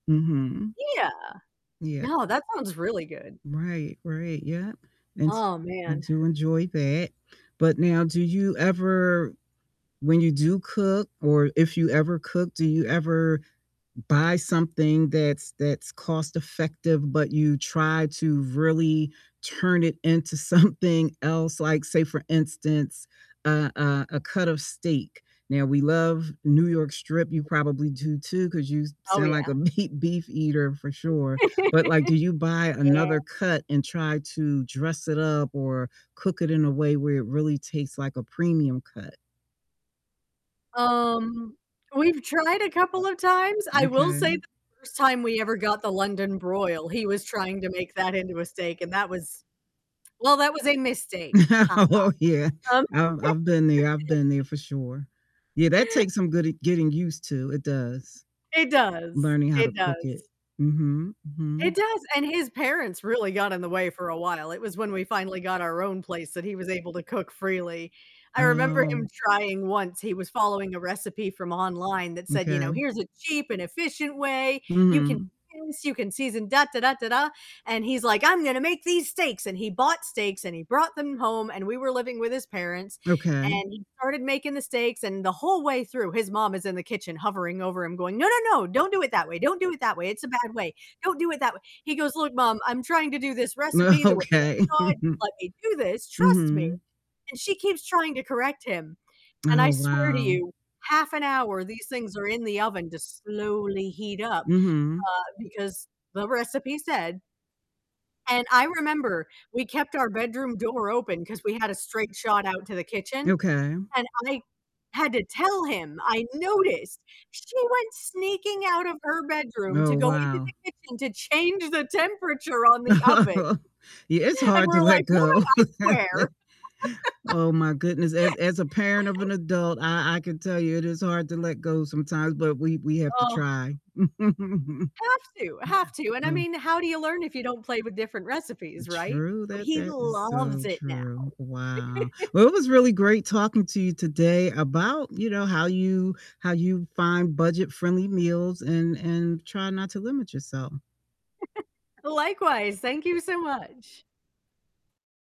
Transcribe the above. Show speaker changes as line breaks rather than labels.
Mhm.
Yeah.
Yeah.
No, that sounds really good.
Right, right, yep, and s
Oh,
I
man.
do enjoy that. But now, do you ever when you do cook or if you ever cook, do you ever buy something that's that's cost-effective but you try to really turn it into something else? Like, say for instance, a a a cut of steak. Now we love New York strip, you probably do too, 'cause you
Oh,
sound like
yeah.
a meat beef eater for sure, but, like, do you buy
Yeah.
another cut and try to dress it up or cook it in a way where it really tastes like a premium cut?
Um, we've tried a couple of times, I will say the
Okay.
1st time we ever got the London broil, he was trying to make that into a steak, and that was well, that was a mistake, ha
Oh yeah,
ha, um
I've I've been there, I've been there for sure. Yeah, that takes some good at getting used to, it does.
It does,
Learning how to
it
cook
does.
it. Mhm,
It
mhm.
does, and his parents really got in the way for a while, it was when we finally got our own place that he was able to cook freely. I remember him
Oh.
trying once, he was following a recipe from online that said, you know,
M'kay.
"Here's a cheap and efficient way. You can
Mhm.
do this, you can season, da, da, da, da, da," and he's like, "I'm gonna make these steaks!" And he bought steaks, and he brought them home, and we were living with his parents, and
Okay.
he started making the steaks, and the whole way through, his mom is in the kitchen hovering over him going, "No, no, no, don't do it that way, don't do it that way, it's a bad way, don't do it that way." He goes, "Look, Mom, I'm trying to do this recipe the way
Okay.
that I should, just let me do this, trust me."
Mhm.
And she keeps trying to correct him, and I
Oh,
swear to
wow.
you, half an hour these things are in the oven just slowly heat up,
Mhm.
uh, because the recipe said and I remember we kept our bedroom door open 'cause we had a straight shot out to the kitchen,
Okay.
and I had to tell him, I noticed she went sneaking out of her bedroom
Oh,
to go into
wow.
the kitchen to change the temperature on the oven,
Yeah, it's
and
hard to
we're like,
let
"Woman,
go.
I swear."
Oh my goodness, as as a parent of an adult, I I can tell you it is hard to let go sometimes, but we we have to
Oh.
try.
Have to, have to, and I
Oh.
mean, how do you learn if you don't play with different recipes, right?
True,
But
that
he
that is so
loves it now.
true. Wow. Well, it was really great talking to you today about, you know, how you how you find budget-friendly meals and and try not to limit yourself.
Likewise, thank you so much.